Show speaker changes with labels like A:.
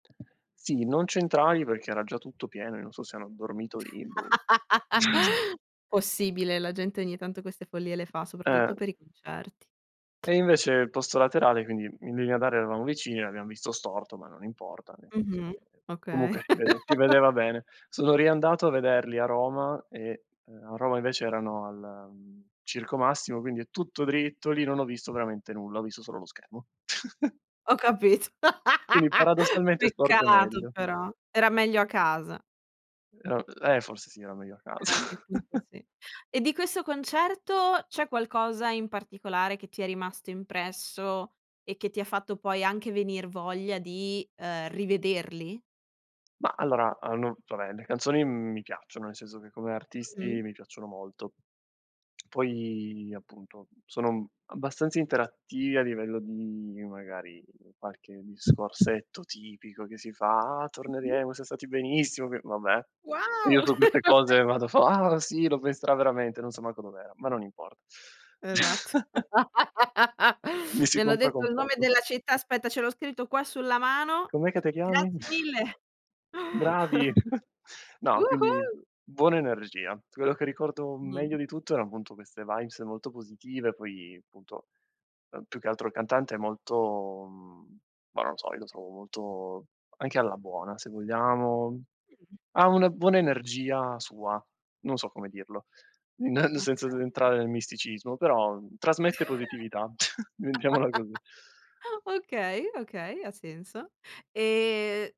A: Sì, non centrali perché era già tutto pieno, io non so se hanno dormito lì, boh.
B: Possibile, la gente ogni tanto queste follie le fa,
A: Eh.
B: soprattutto per i concerti.
A: E invece il posto laterale, quindi in linea d'aria eravamo vicini, l'abbiam visto storto, ma non importa, nel senso
B: Mh-mh,
A: che
B: okay.
A: comunque si vede si vedeva bene. Sono riandato a vederli a Roma e, ehm, a Roma invece erano al, mhmm, Circo Massimo, quindi tutto dritto lì, non ho visto veramente nulla, ho visto solo lo schermo.
B: Ho capito.
A: Quindi paradossalmente storto è
B: Peccato
A: meglio.
B: però, era meglio a casa.
A: No, eh, e forse sì, era meglio a
B: Eh a
A: casa.
B: quel punto sì. E di questo concerto c'è qualcosa in particolare che ti è rimasto impresso e che ti ha fatto poi anche venir voglia di, ehm, rivederli?
A: Ma allora hanno vabbè le canzoni, m mi piacciono, nel senso che come artisti
B: Mh-mh.
A: mi piacciono molto. Poi appunto sono abbastanza interattivi a livello di magari qualche discorsetto tipico che si fa "Ah
B: Mh-mh.
A: torneremo, siam stati benissimo" che vabbè io
B: Wow!
A: su queste cose vado fo "Ah sì, lo penserà veramente" non so manco dov'era, ma non importa.
B: Esatto.
A: Mi si
B: "Mi hanno
A: compra
B: detto
A: con
B: il nome
A: poco.
B: della città, aspetta ce l'ho scritto qua sulla mano.
A: "Com'è che te chiami?"
B: Grazie mille!
A: "Bravi!" No, quindi
B: Woo-hoo!"
A: buona energia. Quello che ricordo
B: Mh.
A: meglio di tutto erano appunto queste vibes molto positive, poi appunto, ehm, più che altro il cantante è molto mhmm, ma non lo so, io lo trovo molto anche alla buona se vogliamo.
B: Mh-mh.
A: Ha una buona energia sua, non so come dirlo, n
B: Okay.
A: senza entrare nel misticismo, però trasmette positività, mettiamola così.
B: Okay, okay, ha senso. Ehm